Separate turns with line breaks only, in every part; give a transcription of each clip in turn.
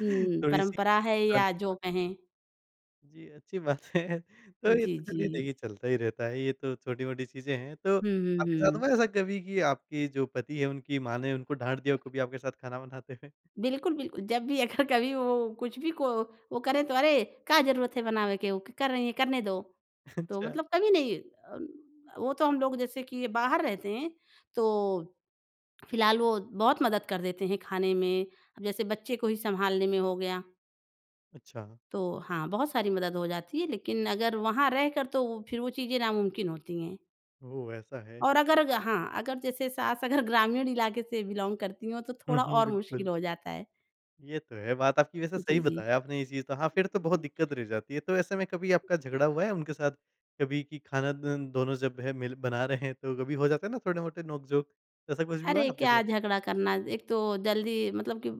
हुँ।
थोड़ी-सी।
परंपरा है, या जो
[unintelligible]
कहें।
जी, अच्छी बातें है तो ये
जी,
तो चलिए
जी।
देखिए चलता ही रहता है, ये तो छोटी-मोटी चीज़ें हैं। तो
हुँ, हुँ,
आपके साथ
हुँ।
हुआ ऐसा कभी कि आपके जो पति हैं उनकी माँ ने उनको डाँट दिया हो कभी आपके साथ खाना बनाते हुए?
बिल्कुल, बिल जब भी अगर कभी वो कुछ भी को वो करें तो अरे! का ज़रूरत है बनावे के वो कर रही हैं करने दो। तो
अच्छा।
मतलब कभी नहीं अन अ, वो तो हम लोग जैसे कि ये बाहर रहते हैं, तो फिलहाल वो बहुत मदद कर देते हैं, खाने में, जैसे बच्चे को ही सँभालने में हो गया।
अच्छा।
तो हाँ, बहुत सारी मदद हो जाती है, लेकिन अगर वहाँ रहकर, तो फिर वो चीज़ें नामुमकिन होती हैं।
ओ! ऐसा है।
और अगर ग हाँ अगर जैसे सास अगर ग्रामीण इलाके से बिलोंग करती हों, तो
हुँ,
थोड़ा
हुँ,
और मुश्किल
बिल्कुल।
हो जाता है।
ये तो है, बात आपकी वैसे सही
जी, जी।
बताया आपने ये चीज़ तो, हाँ फिर तो बहुत दिक्कत रह जाती है। तो ऐसे में कभी आपका झगड़ा हुआ है उनके साथ कभी कि खाना द दोनों जब हैं मिल बना रहे हैं, तो कभी हो जाता है ना थोड़े-मोटे नोक-झोंक। ऐसा कुछ भी हुआ है
अरे!
आपके
क्या
साथ?
झगड़ा करना, एक तो जल्दी मतलब कि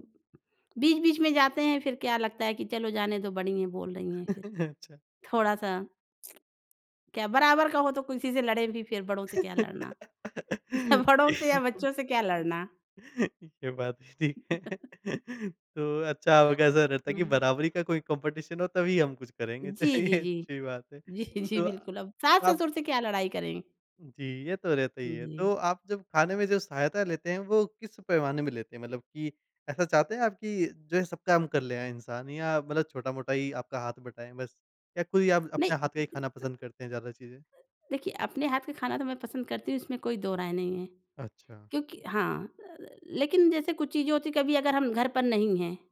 बीच-बीच में जाते हैं फिर क्या लगता है कि चलो जाने दो बड़ी हैं बोल रही हैं फिर,
अच्छा।
थोड़ा-सा क्या बराबर का हो तो किसी से लड़ें भी, फिर बड़ों से क्या लड़ना या बड़ों से या बच्चों से क्या लड़ना?
ये बात ठीक है तो अच्छा आपका ऐसा रहता है कि
हाँ।
बराबरी का कोई कॉम्पिटिशन हो तभी हम कुछ करेंगे,
जी, जी,
चलिए
जी।
अच्छी बात है
जी, जी,
तो
बिल्कुल अब
आप
सास-ससुर से क्या लड़ाई करें?
जी, ये तो रहता ही
उ,
है।
जी।
तो आप जब खाने में जो सहायता लेते हैं, वो किस पैमाने में लेते हैं? मतलब कि ऐसा चाहते हैं आप कि जैसे सब काम कर लेगा इंसान या मतलब छोटा-मोटा ही आपका हाथ बटाएँ बस या कोई आप
नहीं।
अपने हाथ का ही खाना
[unintelligible]
पसंद करते हैं ज़्यादा चीज़ें?
देखिए, अपने हाथ का खाना तो मैं पसंद करती हूँ, इसमें कोई दो राय नहीं है
अच्छा।
क्योंक हाँ अ, लेकिन जैसे कुछ चीज़ें होती हैं कभी अगर हम घर पर नहीं हैं।